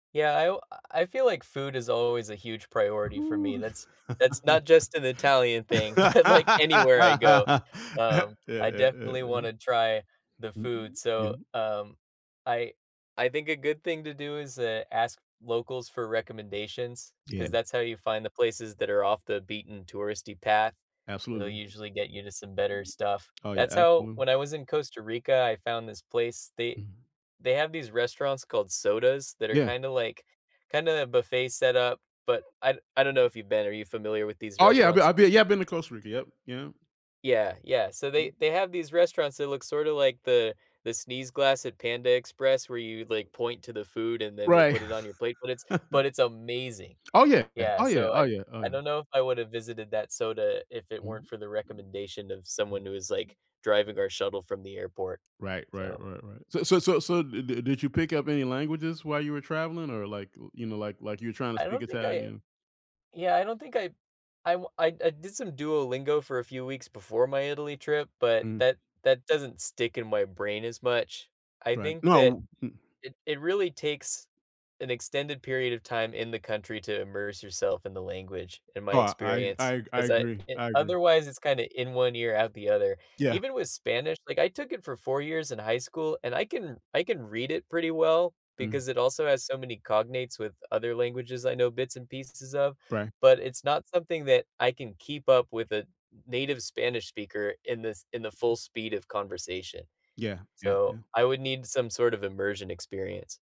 Yeah, I alw I feel like food is always a huge priority for me, that's that's not just an Italian thing but, like, anywhere I go, Yeah, um, yeah, yeah, I yeah. definitely wanna try the Mm, food. So, y um, I I think a good thing to do is, uh, ask locals for recommendations, 'cause Yeah. that's how you find the places that are off the beaten touristy path. They'll Absolutely. usually get you to some better stuff. Oh, yeah. That's how Absolute when I was in Costa Rica, I found this place, they Mhm. they have these restaurants called sodas, that are Yeah. kinda, like kinda a buffet setup, but I d I don't know if you've been, are you familiar with these Oh, yeah, I've bee restaurants? I've been yeah, I've been to Costa Rica. Yep, yeah. Yeah, yeah. So they Mm. they have these restaurants that look sorta like the the sneeze glass at Panda Express where you, like, point to the food and then they Right. put it on your plate, but it's but it's amazing. Oh, yeah, yeah. Yeah, Oh, yeah, so oh, I yeah, oh, I yeah. don't know if I would have visited that soda if it weren't Mhm. for the recommendation of someone who is, like, driving our shuttle from the airport. Right, right, So right, right. So it so so so did did did you pick up any languages while you were traveling, or, like, you know, like like you're tryna I speak don't think I Italian? yeah, I don't think I I wa I d I did some Duolingo for a few weeks before my Italy trip, but Mm. that that doesn't stick in my brain as much. I Right. think that No, mm it it really takes an extended period of time in the country to immerse yourself in the language in my No, I experience, I I 'cause I agree, e I agree. otherwise, it's kinda in one ear out the other. Yeah. Even with Spanish, like, I took it for 4 years in high school, and I can I can read it pretty well, Mm. because it also has so many cognates with other languages I know bits and pieces of, Right. but it's not something that I can keep up with a native Spanish speaker in these in the full speed of conversation. Yeah, yeah, So, yeah. I would need some sort of immersion experience.